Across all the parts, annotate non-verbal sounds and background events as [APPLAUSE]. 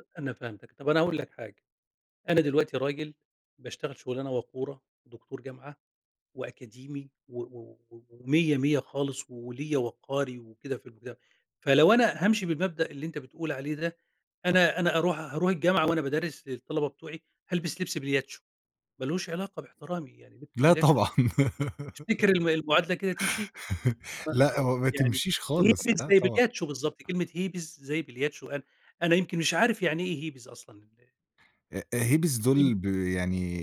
أ أنا فهمتك، طب أنا هاقول لك حاجة. أنا دلوقتي راجل باشتغل شغلانة وقورة، دكتور جامعة وأكاديمي و و ومِيّة مِيّة خالص، وليَّ وقاري وكده في المُجتَم فلو أنا هامشي بالمبدأ اللي أنت بتقول عليه ده، أنا أنا أروح هاروح الجامعة وأنا بادَرّس للطلبة بتوعي، هالبس لبس بلياتشو، ما لهوش علاقة باحترامي، يعني لبس لا البلياتشو طبعًا. تفتكر الم المعادلة كده تمشي؟ [LAUGHS] صح لأ هو ما يعني تمشيش خالص، هيبيز لأ زي طبعًا. بلياتشو بالضبط، كلمة هيبيز زي بلياتشو أنا أنا يمكن مش عارف يعني إيه هيبيز أصلًا ال أ أ هيبز دُول [UNINTELLIGIBLE] ب يعني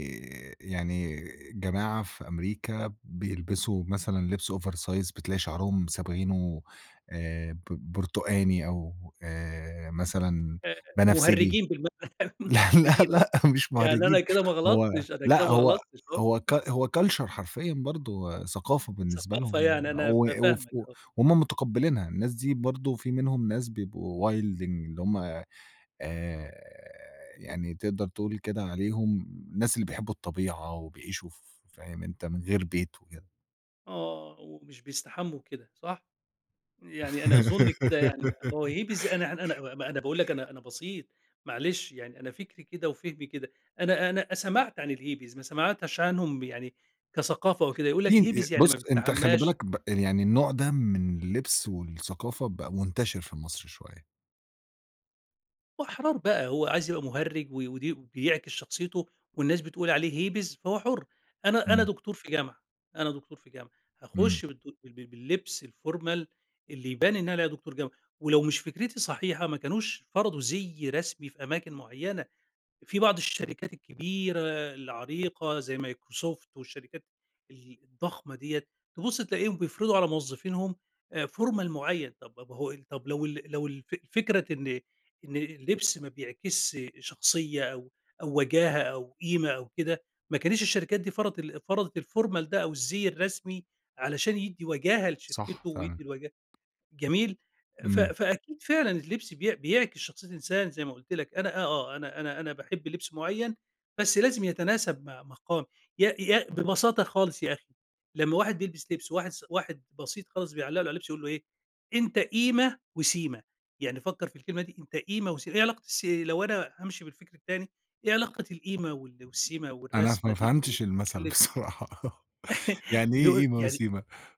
يعني جماعة في أمريكا بيلبسوا مثلًا لبس over size بتلاقي شعرهم صابغينه آآ، ب بُرتقاني، أو آآ مثلًا آآ، بنفسجي. مُهرّجين بالم [LAUGHS] لا، لا، مُهرّجين آه، لأ، مش يعني مهرّجين أنا كده ما هو غلطتش، أنا كده لأ ما هو غلطتش، آه. هو كال [LAUGHS] هو culture حرفيًا برضه ثقافة [UNINTELLIGIBLE] بالنسبة ثقافة لهم يعني، يعني أنا و ف وف فاهمك و آه. وهُم متقّبلينها. الناس دي برضه في منهم ناس بيبقوا وايلدينج، اللي هُم آآ يعني تقدر تقول كده عليهم الناس اللي بيحبوا الطبيعة، وبيعيشوا ف فاهم أنت؟ من غير بيت وكِده. آه، ومش بيستحمّوا وكده، صح؟ يعني أنا أظن كده يعني، ما هو هيبيز أنا أنا [GIGGLES] أنا أنا باقول لك أنا أنا بسيط، معلش يعني أنا فكري كده، وفهمي كده، أنا أنا سمعت عن الهيبيز ما سمعتش [UNINTELLIGIBLE] عنهم يعني كثقافة وكده، يقول في لك ن ي هيبيز يعني بُص ما أنت خلّي بيستحمّاش بالك ب آآ، يعني النوع ده من اللبس والثقافة بقى منتشر في مصر شوية. وأحرار بقى هو عايز يبقى مهرج و وده بيعكس شخصيته، والناس بتقول عليه هيبيز فهو حُرّ. أنا أنا إمم. دكتور في جامعة، أنا دكتور في جامعة إمم. هاخُش بالدُ بال بال باللبس الformal اللي يبان إن أنا عليَّ دكتور جامعة، ولو مش فكرتي صحيحة ما كانوش فرضوا زِي رسمي في أماكن معينة. في بعض الشركات الكبيرة، العريقة زي مايكروسوفت والشركات ال الضخمة دِيّة تبُص تلاقيهم بيفرضوا على موظفينهم آآ، formal معين طب ب ب هو ال طب لو ال لو الف فكرة إن إن اللبس ما بيعكس شخصية أو أو وجاهة أو قيمة أو كده ما كانِتش الشركات دي فرضت ال فرضت الformal ده أو الزِي الرسمي علشان يدّي وجاهة صح، لشركته، فعلًا. ويدّي الوجاهة جميل ف إمم. فأكيد فعلًا اللبس بي بيعكس شخصية الإنسان زي ما قُلت لك أنا آه، آه، أنا أنا أنا باحب لبس معين بس لازم يتناسب مع مقام يا يا ببساطة خالص يا أخي لمّا واحد بيلبس لبس وواحد س واحد بسيط خالص بيعلّق له على اللبس يقول له إيه، أنت قيمة وسيمة، يعني فكّر في الكلمة دي أنت قيمة وسي إيه علاقة السي لو أنا هامشي بالفكر التاني إيه علاقة القيمة وال والسيمة أنا ف والرسمة ما دي ب فهمتش في المَثل اللبس؟ بصراحة [LAUGHS] يعني إيه دول قيمة يعني وسيمة؟